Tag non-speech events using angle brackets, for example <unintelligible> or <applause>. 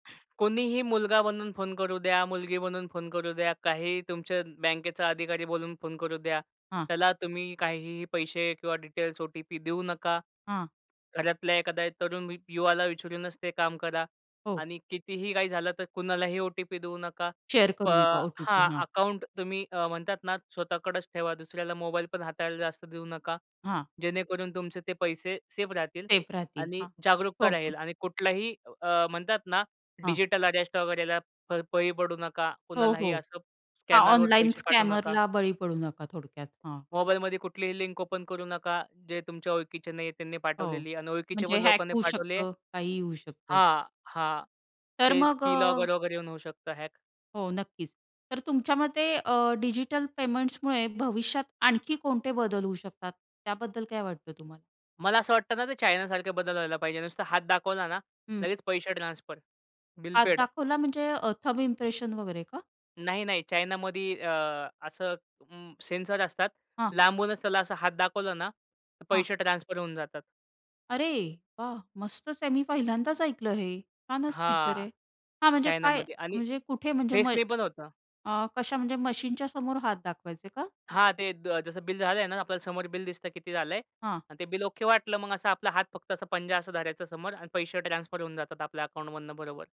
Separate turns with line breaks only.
कोणीही मुलगा बनून फोन करू द्या, मुलगी बनून फोन करू द्या, काहीही तुमच्या बँकेचा अधिकारी बोलून फोन करू द्या,
हां.
त्याला तुम्ही काहीही पैसे किंवा डिटेल्स, ओ-टी-पी देऊ नका.
हां.
घरातल्या एखाद्या तरुण मि युवाला विचारूनच ते काम करा.
हो.
आणि कितीही काही झालं तर कुणालाही ओ-टी-पी देऊ नका.
शेअर
प
करू नका
हां,
ओ-टी-पी. हां.
अकाउंट तुम्ही अ, म्हणतात ना स्वतःकडेच ठेवा, दुसऱ्याला मोबाईल पण हाताळायला जास्त देऊ नका.
हां.
जेणेकरून तुमचे ते पैसे सेफ राहतील
सेफ राहतील,
आणि
हां.
जागरूकता राहील.
<unintelligible>
आणि कुठलाही अ, म्हणतात ना
हां.
डिजिटल अरेस्ट वगैरेला, प बळी पडू नका.
हो,
कुणालाही
हो.
असं
हां,
स्कॅनरवर
ऑनलाईन
पैसे पाठवू नका.
स्कॅमरला बळी पडू नका थोडक्यात, हां.
मोबाईलमध्ये कुठलीही लिंक ओपन करू नका. जे तुमच्या ओळखीचे नाही आहे त्यांनी
हो,
पाठवलेली आणि ओळखीचे
म्हणजे
पण
हॅक
लोकांनी
होऊ
पाठवली आहे
शकतं, काहीही होऊ शकतं.
हां, हां.
तर
तेच
मग अ
की-लॉगर वगैरे येऊन होऊ शकतं हॅक.
हो नक्कीच. तर तुमच्या मते अ, डिजिटल पेमेंट्समुळे भविष्यात आणखी कोणते बदल होऊ शकतात, त्याबद्दल काय वाटतं तुम्हाला?
मला असं वाटतं ना, ते चायनासारखे बदल व्हायला पाहिजे, नुसता हात दाखवला ना
हं.
लगेच पैसे ट्रान्सफर, बिल
हात
पेड.
दाखवला म्हणजे अ, थम्ब इम्प्रेशन वगैरे का?
नाही, नाही. चायनामध्ये अ असं अं, सेन्सर असतात,
हां.
लांबूनच त्याला असा हात दाखवलं ना, तर
हां.
पैसे ट्रान्सफर होऊन जातात.
अरे, वाह! मस्तच आहे. मी पहिल्यांदाच ऐकलं हे. छानच फीचर
हां,
आहे. हां, म्हणजे काय?
चायनामध्ये. आणि
म्हणजे कुठे? म्हणजे म
फेसने पण होतं.
अ, कशा म्हणजे मशीनच्या समोर हात दाखवायचे का?
हां, ते द जसं बिल झालं आहे ना, आपल्याला समोर बिल दिसतं, किती झालं आहे.
हां.
आणि ते बिल ओके वाटलं, मग असा आपला हात फक्त असा पंजा, असा धरायचा समोर आणि पैसे ट्रान्सफर होऊन जातात आपल्या अकाउंटमधून बरोबर.